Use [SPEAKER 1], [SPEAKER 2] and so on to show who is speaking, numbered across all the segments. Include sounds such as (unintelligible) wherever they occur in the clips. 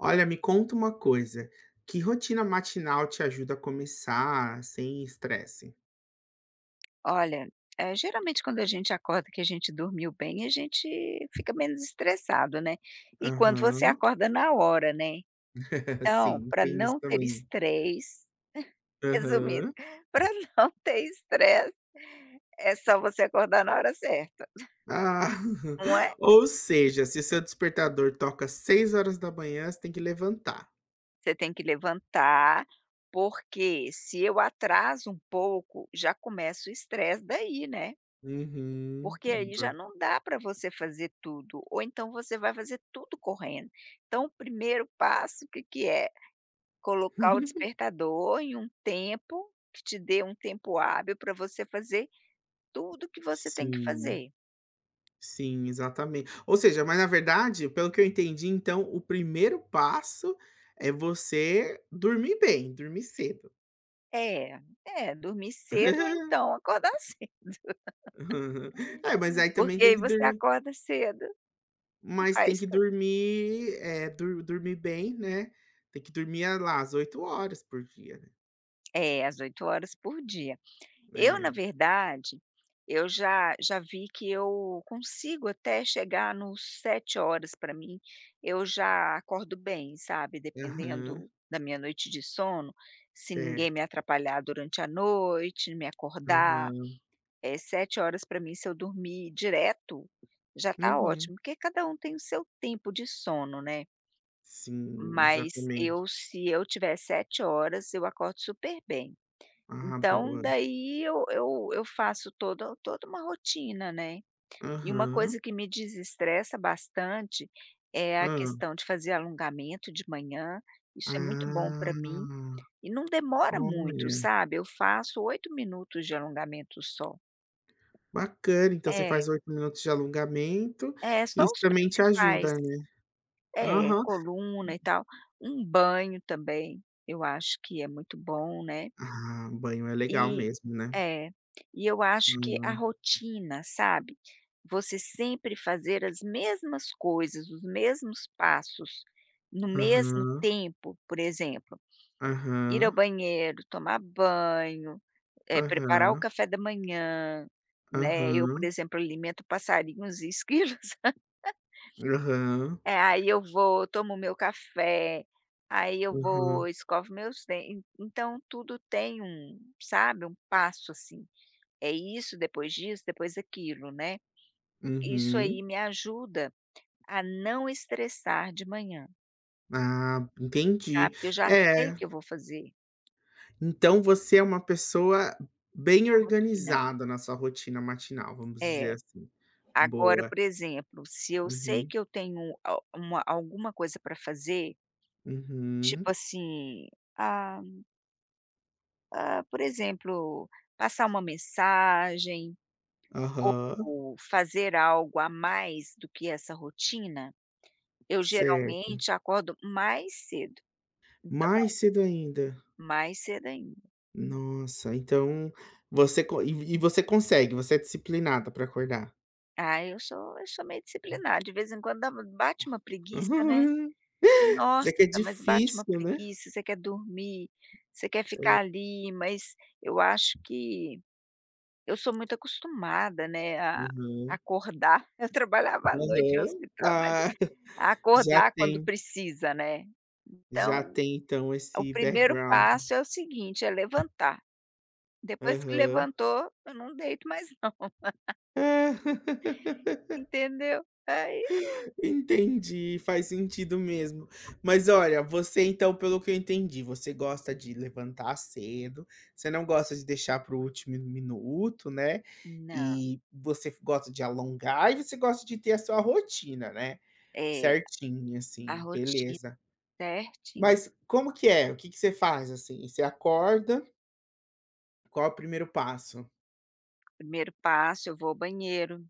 [SPEAKER 1] Olha me conta uma coisa, que rotina matinal te ajuda a começar sem estresse?
[SPEAKER 2] Olha, é geralmente quando a gente acorda que a gente dormiu bem a gente fica menos estressado, né, e quando você
[SPEAKER 1] Aham.
[SPEAKER 2] acorda na hora, né,
[SPEAKER 1] (laughs)
[SPEAKER 2] então
[SPEAKER 1] Sim, e
[SPEAKER 2] para
[SPEAKER 1] tem isso
[SPEAKER 2] não ter
[SPEAKER 1] também, né.
[SPEAKER 2] stress (chuckles) resumindo,
[SPEAKER 1] Aham.
[SPEAKER 2] para não ter stress é só você acordar na hora certa,
[SPEAKER 1] Ah,
[SPEAKER 2] (chuckles) né.
[SPEAKER 1] (chuckles) ou seja se seu despertador toca 6 h você tem que levantar.
[SPEAKER 2] Você tem que levantar, porque se eu atraso um pouco já começa o estresse daí, né?
[SPEAKER 1] Uhum,
[SPEAKER 2] Porque aí
[SPEAKER 1] então.
[SPEAKER 2] já não dá para você fazer tudo ou então você vai fazer tudo correndo, então o primeiro passo que que é, colocar o
[SPEAKER 1] (giggles)
[SPEAKER 2] despertador em um tempo que te dê um tempo hábil para você fazer tudo que você tem que
[SPEAKER 1] Sim,
[SPEAKER 2] fazer.
[SPEAKER 1] sim, exatamen ou seja mas na verdade, pelo que eu entendi então o 1º passo é você dormir bem, dormir cedo.
[SPEAKER 2] É, é dormir cedo ou
[SPEAKER 1] (giggles)
[SPEAKER 2] então acordar cedo. (laughs)
[SPEAKER 1] (chuckles) É, mas aí também
[SPEAKER 2] Porque
[SPEAKER 1] tem
[SPEAKER 2] aí
[SPEAKER 1] que
[SPEAKER 2] você
[SPEAKER 1] dormir
[SPEAKER 2] acorda cedo, e
[SPEAKER 1] mas tem
[SPEAKER 2] faz
[SPEAKER 1] que
[SPEAKER 2] tudo.
[SPEAKER 1] dormir, eh, dor dormir bem, né, tem que dormir lá às 8 horas por dia, né.
[SPEAKER 2] É às 8 horas por dia. Eu na
[SPEAKER 1] É.
[SPEAKER 2] verdade eu já já vi que eu consigo até chegar no 7 horas para mim, eu já acordo bem, sabe.
[SPEAKER 1] Aham.
[SPEAKER 2] Dependendo da minha noite de sono, se ninguém me
[SPEAKER 1] Certo.
[SPEAKER 2] atrapalhar durante a noite, me acordar,
[SPEAKER 1] Aham.
[SPEAKER 2] eh, 7 horas para mim se eu dormir direto, já tá
[SPEAKER 1] Uhum.
[SPEAKER 2] ótimo porque cada um tem o seu tempo de sono, né
[SPEAKER 1] Sim,
[SPEAKER 2] Mas
[SPEAKER 1] exatamente.
[SPEAKER 2] eu, se eu tiver 7 horas eu acordo super bem.
[SPEAKER 1] Ah,
[SPEAKER 2] Então
[SPEAKER 1] boa.
[SPEAKER 2] daí eu eu eu faço todo toda uma rotina, né, e uma
[SPEAKER 1] Aham.
[SPEAKER 2] coisa que me desestressa bastante é a
[SPEAKER 1] Hã.
[SPEAKER 2] questão de fazer alongamento de manhã, isso é muito bom para mim,
[SPEAKER 1] Ah,
[SPEAKER 2] e não demora muito
[SPEAKER 1] olha.
[SPEAKER 2] sabe, eu faço 8 minutos de alongamento, só.
[SPEAKER 1] Bacana, então você
[SPEAKER 2] É.
[SPEAKER 1] faz 8 minutos de alongamento,
[SPEAKER 2] É, só
[SPEAKER 1] isso
[SPEAKER 2] os
[SPEAKER 1] também te
[SPEAKER 2] principais.
[SPEAKER 1] ajuda, né,
[SPEAKER 2] É,
[SPEAKER 1] aham.
[SPEAKER 2] coluna e tal, um banho também, eu acho que é muito bom, né.
[SPEAKER 1] Ah, banho é legal
[SPEAKER 2] E,
[SPEAKER 1] mesmo, né?
[SPEAKER 2] é, e eu acho que a
[SPEAKER 1] Hã.
[SPEAKER 2] rotina, sabe, você sempre fazer as mesmas coisas, os mesmos passos, no mesmo
[SPEAKER 1] Aham.
[SPEAKER 2] tempo por exemplo, ir
[SPEAKER 1] Aham.
[SPEAKER 2] ao banheiro, tomar banho, eh, preparar o
[SPEAKER 1] Aham.
[SPEAKER 2] café da manhã, né, eu por
[SPEAKER 1] Aham.
[SPEAKER 2] exemplo alimento passarinhos e esquilos. (laughs)
[SPEAKER 1] Aham.
[SPEAKER 2] Eh, aí eu vou, tomo o meu café, aí eu vou
[SPEAKER 1] Aham.
[SPEAKER 2] escovo meus dentes, então tudo tem um sabe um passo, assim, é isso, depois disso, depois daquilo, né, isso
[SPEAKER 1] Uhum.
[SPEAKER 2] aí me ajuda a não estressar de manhã.
[SPEAKER 1] Ah, entendi,
[SPEAKER 2] Sabe, que eu já sei o que
[SPEAKER 1] é.
[SPEAKER 2] eu vou fazer.
[SPEAKER 1] Então, você é uma pessoa bem
[SPEAKER 2] Rotina.
[SPEAKER 1] organizada na sua rotina matinal, vamos
[SPEAKER 2] É.
[SPEAKER 1] dizer, assim.
[SPEAKER 2] Agora,
[SPEAKER 1] Boa.
[SPEAKER 2] por exemplo, se eu sei
[SPEAKER 1] Uhum.
[SPEAKER 2] que eu tenho o uma alguma coisa pra fazer,
[SPEAKER 1] Uhum.
[SPEAKER 2] tipo, assim, ah Ah, por exemplo, passar uma mensagem,
[SPEAKER 1] Aham.
[SPEAKER 2] ou fazer algo a mais do que essa rotina, eu
[SPEAKER 1] Certo.
[SPEAKER 2] geralmente acordo mais cedo. Então
[SPEAKER 1] Mais cedo ainda.
[SPEAKER 2] Mais cedo ainda.
[SPEAKER 1] Nossa, então, você con e e você consegue, você é disciplinada pra acordar?
[SPEAKER 2] Ah, eu sou eu sou meio disciplinar, de vez em quando dá bate uma preguiça, né.
[SPEAKER 1] (giggles) Mas é
[SPEAKER 2] Nossa,
[SPEAKER 1] que é
[SPEAKER 2] mas bate uma
[SPEAKER 1] difícil, né.
[SPEAKER 2] preguiça, você quer dormir, você quer
[SPEAKER 1] É
[SPEAKER 2] ficar ali, mas eu acho que eu sou muito acostumada, né, a
[SPEAKER 1] Uhum.
[SPEAKER 2] acordar, (chuckles) eu trabalhava à noite no
[SPEAKER 1] Aham.
[SPEAKER 2] hospital, mas
[SPEAKER 1] Ah. (chuckles) Já
[SPEAKER 2] acordar quando
[SPEAKER 1] tem
[SPEAKER 2] precisa, né.
[SPEAKER 1] Já
[SPEAKER 2] Então,
[SPEAKER 1] tem, então,
[SPEAKER 2] o
[SPEAKER 1] esse
[SPEAKER 2] primeiro
[SPEAKER 1] background.
[SPEAKER 2] passo é o seguinte, é levantar. Depois que
[SPEAKER 1] Aham.
[SPEAKER 2] levantou eu não deito mais não. (laughs)
[SPEAKER 1] (laughs)
[SPEAKER 2] Entendeu? Aí
[SPEAKER 1] Entendi, faz sentido mesmo. Mas olha, você, então, pelo que eu entendi, você gosta de levantar cedo, você não gosta de deixar para o último mi minuto, né,
[SPEAKER 2] Não.
[SPEAKER 1] e você gosta de alongar e você gosta de ter a sua rotina, né.
[SPEAKER 2] É,
[SPEAKER 1] Certinha
[SPEAKER 2] a
[SPEAKER 1] assim,
[SPEAKER 2] rotina
[SPEAKER 1] beleza.
[SPEAKER 2] certinha.
[SPEAKER 1] Mas como que é? O que que você faz, assim? Você acorda Qual o 1º passo?
[SPEAKER 2] 1º passo eu vou ao banheiro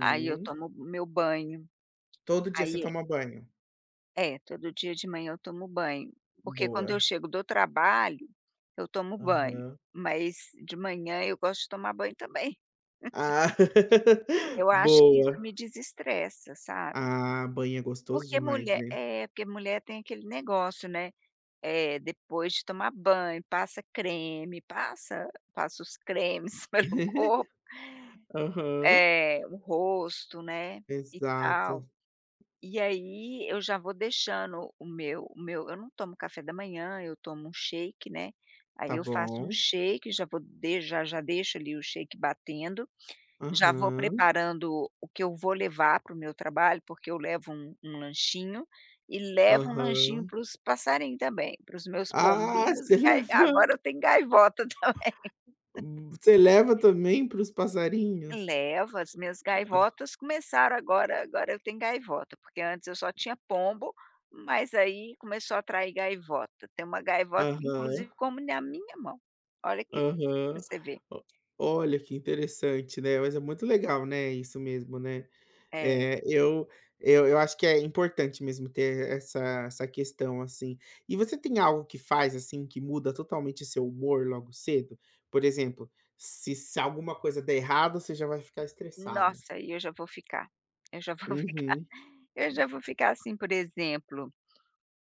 [SPEAKER 2] aí eu tomo meu banho,
[SPEAKER 1] Todo dia você
[SPEAKER 2] aí
[SPEAKER 1] toma banho?
[SPEAKER 2] É todo dia de manhã eu tomo banho, porque quando eu
[SPEAKER 1] Boa.
[SPEAKER 2] chego do trabalho, eu tomo banho,
[SPEAKER 1] Aham.
[SPEAKER 2] mas de manhã eu gosto de tomar banho também. (chuckles)
[SPEAKER 1] Ah, (laughs)
[SPEAKER 2] Eu acho que isso
[SPEAKER 1] boa.
[SPEAKER 2] me desestressa, sabe.
[SPEAKER 1] Ah, banho é gostoso
[SPEAKER 2] Porque
[SPEAKER 1] demais,
[SPEAKER 2] mulher
[SPEAKER 1] né.
[SPEAKER 2] é porque mulher tem aquele negócio, né. Eh. Depois de tomar banho, passa creme, passa passa os cremes pelo corpo
[SPEAKER 1] Aham.
[SPEAKER 2] eh, o rosto, né, e tal,
[SPEAKER 1] Exato.
[SPEAKER 2] e aí eu já vou deixando o meu o meu eu não tomo café da manhã eu tomo um shake né, aí
[SPEAKER 1] Tá
[SPEAKER 2] eu faço um
[SPEAKER 1] bom.
[SPEAKER 2] shake, já vou já já deixo ali o batendo, já vou
[SPEAKER 1] Aham.
[SPEAKER 2] preparando o que eu vou levar para o meu trabalho porque eu levo um um lanchinho, e levo um lanchinho
[SPEAKER 1] Aham.
[SPEAKER 2] para os passarinho também, para os meus
[SPEAKER 1] Ah,
[SPEAKER 2] pombinhos,
[SPEAKER 1] você
[SPEAKER 2] e aí
[SPEAKER 1] leva.
[SPEAKER 2] agora eu tenho gaivota também.
[SPEAKER 1] Você leva também para os passarinhos?
[SPEAKER 2] Levo, as minhas gaivotas começaram agora agora eu tenho gaivota, porque antes eu só tinha pombo, mas aí começou a atrair gaivota, tem uma gaivota
[SPEAKER 1] Aham.
[SPEAKER 2] inclusive que come na minha mão, olha que, para
[SPEAKER 1] Aham.
[SPEAKER 2] você ver.
[SPEAKER 1] Olha que interessante, né, mas é muito legal, né, isso mesmo, né.
[SPEAKER 2] É.
[SPEAKER 1] É eu eu eu acho que é importante mesmo ter essa essa questão assim. E você tem algo que faz assim que muda totalmente seu humor logo cedo? Por exemplo, se se alguma coisa der errado você já vai ficar estressada.
[SPEAKER 2] Nossa e eu já vou ficar eu já vou ficar
[SPEAKER 1] Uhum.
[SPEAKER 2] eu já vou ficar assim por exemplo,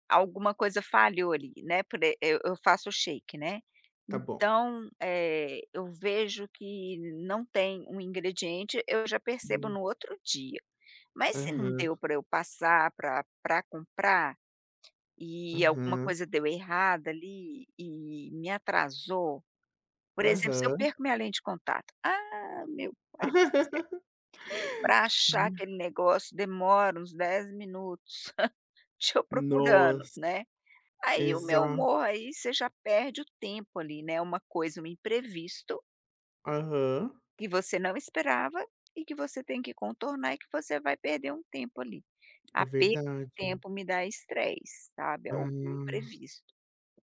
[SPEAKER 2] alguma coisa falhou ali, né, por eu eu faço o shake, né,
[SPEAKER 1] Tá bom.
[SPEAKER 2] então, eh, eu vejo que não tem um ingrediente eu já percebo
[SPEAKER 1] Hum.
[SPEAKER 2] no outro dia, mas se não
[SPEAKER 1] Aham.
[SPEAKER 2] deu para eu passar pra pra comprar, e alguma
[SPEAKER 1] Aham.
[SPEAKER 2] coisa deu errada ali e me atrasou, por exemplo, se eu
[SPEAKER 1] Aham.
[SPEAKER 2] perco minha lente de contato, ah meu pai do céu,
[SPEAKER 1] (laughs)
[SPEAKER 2] para achar aquele
[SPEAKER 1] (unintelligible)
[SPEAKER 2] negócio demora uns 10 minutos, (chuckles) estou procurando,
[SPEAKER 1] Nossa.
[SPEAKER 2] né. Aí o meu
[SPEAKER 1] Exato.
[SPEAKER 2] humor aí você já perde o tempo ali, né, uma coisa um imprevisto
[SPEAKER 1] Uhum.
[SPEAKER 2] Que você não esperava e que você tem que contornar e que você vai perder um tempo ali.
[SPEAKER 1] É
[SPEAKER 2] A perda de
[SPEAKER 1] verdade.
[SPEAKER 2] tempo me dá estresse, sabe, algum
[SPEAKER 1] Ah.
[SPEAKER 2] imprevisto.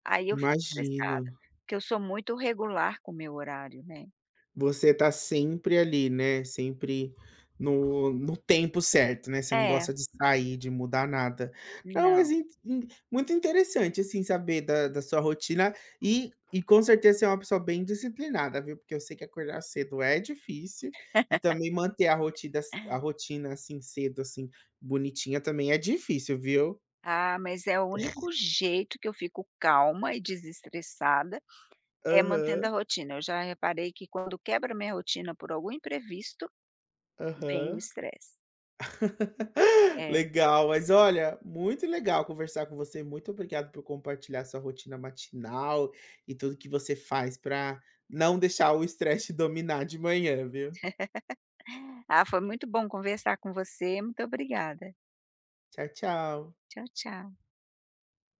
[SPEAKER 2] Aí eu fico estressada,
[SPEAKER 1] Imagino.
[SPEAKER 2] porque eu sou muito regular com o meu horário, né.
[SPEAKER 1] Você tá sempre ali, né, sempre no no tempo certo, né. Você não
[SPEAKER 2] É.
[SPEAKER 1] gosta de sair, de mudar nada. Não, mas
[SPEAKER 2] Não.
[SPEAKER 1] em em muito interessante, assim, saber da da sua rotina e e, com certeza, você uma pessoa bem disciplinada, viu, porque eu sei que acordar cedo é difícil e também manter a
[SPEAKER 2] (laughs)
[SPEAKER 1] rotida a rotina, assim, cedo, assim, bonitinha também é difícil, viu.
[SPEAKER 2] Ah, mas é o único jeito que eu fico calma e desestressada é mantendo a
[SPEAKER 1] Aham.
[SPEAKER 2] rotina. Eu já reparei que quando quebra a minha rotina por algum imprevisto vem o
[SPEAKER 1] Aham.
[SPEAKER 2] estresse.
[SPEAKER 1] (laughs)
[SPEAKER 2] É.
[SPEAKER 1] Legal. Mas olha, muito legal conversar com você. Muito obrigado por compartilhar sua rotina matinal e tudo que você faz pra não deixar o estresse te dominar de manhã, viu.
[SPEAKER 2] (laughs) Ah, foi muito bom conversar com você. Muito obrigada.
[SPEAKER 1] Tchau, tchau.
[SPEAKER 2] Tchau, tchau.